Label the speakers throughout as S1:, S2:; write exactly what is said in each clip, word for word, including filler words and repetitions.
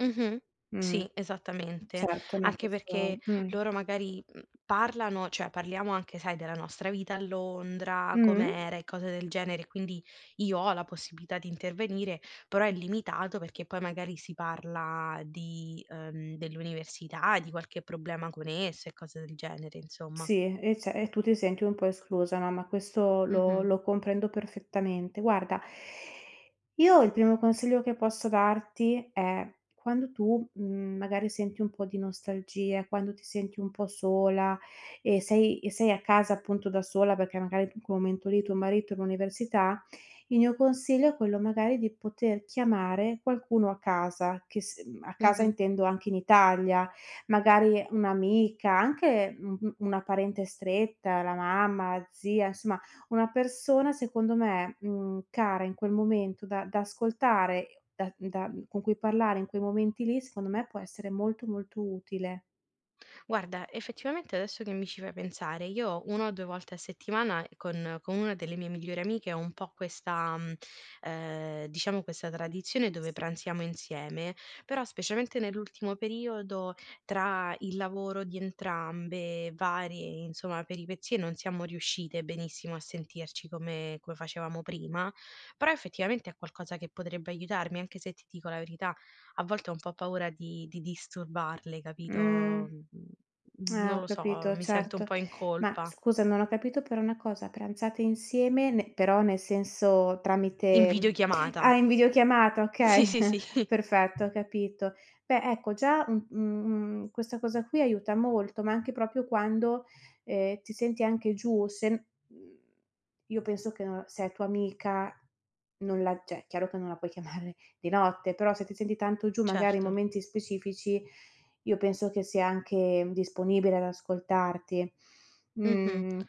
S1: Mh-mh,
S2: Mh.
S1: sì, esattamente.
S2: Certo, ma
S1: Anche
S2: questo
S1: perché
S2: Mh.
S1: loro magari, mhmm, parlano, cioè parliamo anche sai della nostra vita a Londra,
S2: Mh.
S1: com'era e cose del genere, quindi io ho la possibilità di intervenire, però è limitato perché poi magari si parla di ehm, dell'università, di qualche problema con esse, e cose del genere insomma.
S2: Sì, eh ce e tu ti senti un po' esclusa, no, ma questo lo
S1: Mh-mh.
S2: lo comprendo perfettamente. Guarda io il primo consiglio che posso darti è: quando tu, mhmm, magari senti un po' di nostalgia, quando ti senti un po' sola e sei e sei a casa appunto da sola, perché magari in quel momento lì tuo marito è all'università, il mio consiglio è quello magari di poter chiamare qualcuno a casa che s ehm, a casa
S1: Mh-mh.
S2: intendo anche in Italia. Magari un'amica, anche u u una parente stretta, la mamma, la zia, insomma una persona secondo me, mhmm, cara in quel momento da da ascoltare, da da con cui parlare in quei momenti lì, secondo me può essere molto, molto utile.
S1: Guarda, effettivamente adesso che mi ci fai pensare, io una o due volte a settimana con con una delle mie migliori amiche ho un po' questa, mhmm, ehm, diciamo questa tradizione dove pranziamo insieme, però specialmente nell'ultimo periodo tra il lavoro di entrambe, varie, insomma, peripezie, non siamo riuscite benissimo a sentirci come come facevamo prima. Però effettivamente è qualcosa che potrebbe aiutarmi, anche se ti dico la verità, a volte ho un po' paura di di disturbarle,
S2: Mh.
S1: capito, mhmm, uhm,
S2: Eh
S1: non
S2: ho
S1: lo so,
S2: capito,
S1: mi sento un
S2: certo.
S1: po' in
S2: Ma
S1: colpa.
S2: scusa, non ho capito però una cosa, pranzate insieme, ne però nel senso
S1: In
S2: tramite Ah,
S1: videochiamata.
S2: in videochiamata,
S1: Sì,
S2: okay,
S1: sì, sì.
S2: perfetto, ho capito. Beh, ecco già un u mhmm, questa cosa qui aiuta molto, ma anche propio quando, ehm, ti senti anche giù, se n uhm, io penso che, ehm, se è tua amica, non la ceh, chiaro che non la puoi chiamare di notte, però se ti senti tanto giù magari in
S1: Certo.
S2: momenti specifici io penso che sia anche disponibile ad ascoltarti.
S1: Mh-mh.
S2: Mhmm.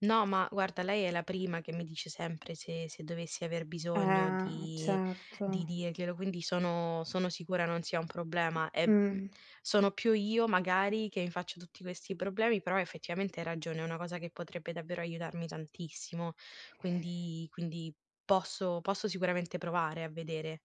S1: No, ma guarda lei è la prima che mi dice sempre se se dovessi aver bisogno,
S2: Eh,
S1: di di
S2: certo.
S1: dirglielo, quindi sono sono sicura non sia un problema. E, mhmm,
S2: Mh.
S1: sono più io magari che mi faccio tutti questi problemi, però effettivamente hai ragione, è una cosa che potrebbe davvero aiutarmi tantissimo, quindi quindi, posso posso sicuramente provare a vedere.